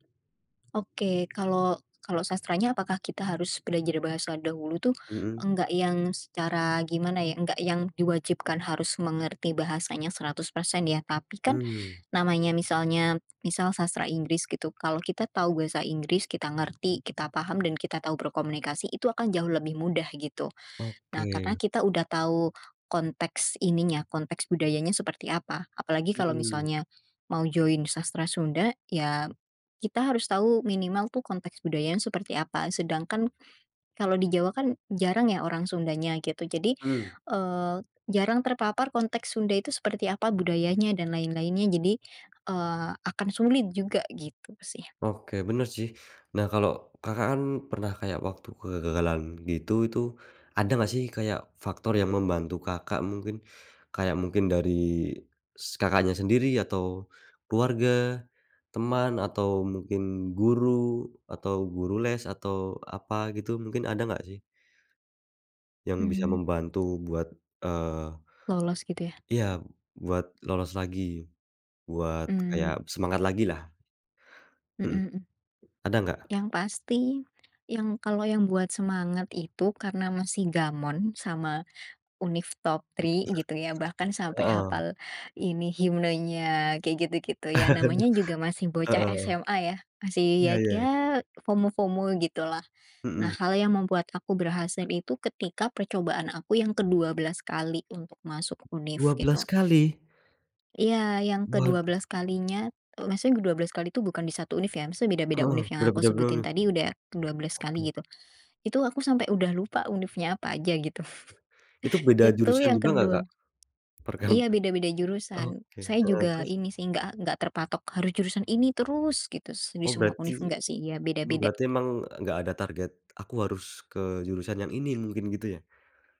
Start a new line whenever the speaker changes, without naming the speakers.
Oke, kalau kalau sastranya apakah kita harus belajar bahasa dahulu tuh?
Mhm.
Enggak yang secara, gimana ya, enggak yang diwajibkan harus mengerti bahasanya 100% ya. Tapi kan,
Mmm.
namanya misalnya, misal Sastra Inggris gitu, kalau kita tahu bahasa Inggris, kita ngerti, kita paham dan kita tahu berkomunikasi, itu akan jauh lebih mudah, gitu. Nah, karena
Oke.
kita udah tahu konteks ininya, konteks budayanya seperti apa, apalagi kalau
Mmm.
misalnya, mau join Sastra Sunda, ya kita harus tahu minimal tuh konteks budayanya seperti apa, sedangkan kalau di Jawa kan, jarang ya orang Sundanya, gitu. Jadi,
Mmm.
eee, jarang terpapar konteks Sunda itu seperti apa, budayanya dan lain-lainnya. Jadi, eee, akan sulit juga, gitu sih.
Oke, benar sih. Nah, kalau Kakak kan pernah kayak waktu kegagalan gitu, itu ada nggak sih kayak, faktor yang membantu Kakak mungkin, kayak mungkin dari, s Kakaknya sendiri atau keluarga, teman atau mungkin guru, atau guru les, atau apa, gitu? Mungkin, ada nggak sih yang bisa
Mmm.
membantu buat, eee
Lolos, gitu ya?
Iya, buat lolos lagi. Buat, kayak
Mmm.
semangat lagi lah.
Mhm
Mhm.
mhm.
Ada nggak?
Yang pasti yang kalau yang buat semangat itu, karena masih gamon sama univ top three gitu ya, bahkan sampai
Heeh.
hafal ini, himnenya, kayak gitu gitu. Ya, namanya juga masih bocah
Heeh.
SMA ya, masih
Iya,
ya
ya, e
ya FOMO-FOMO gitulah. Nah,
Mhm.
hal yang membuat aku berhasil itu ketika percobaan aku yang ke-12 kali untuk masuk univ,
12
gitu.
kali?
Iya, yang kedua
Waduh.
belas kalinya, e maksudnya ke-12 kali itu, bukan di 1 univ ya, maksudnya beda-beda
Heeh,
univ yang aku
beda-beda
sebutin
univ.
tadi udah ke-12 kali,
Oke.
gitu. Itu, aku sampai udah lupa univnya apa aja, gitu.
Itu beda
Itu
jurusan
yang
juga nggak Kak?
kedua
Perkam
iya, beda-beda jurusan,
oke
saya
heeh,
juga,
terus?
ini sih enggak enggak terpatok harus jurusan ini terus gitu, di
Oh
semua
berarti,
univ, enggak sih, ya
m berarti
beda-beda.
emang, e nggak ada target, "Aku harus ke jurusan yang ini," mungkin gitu ya?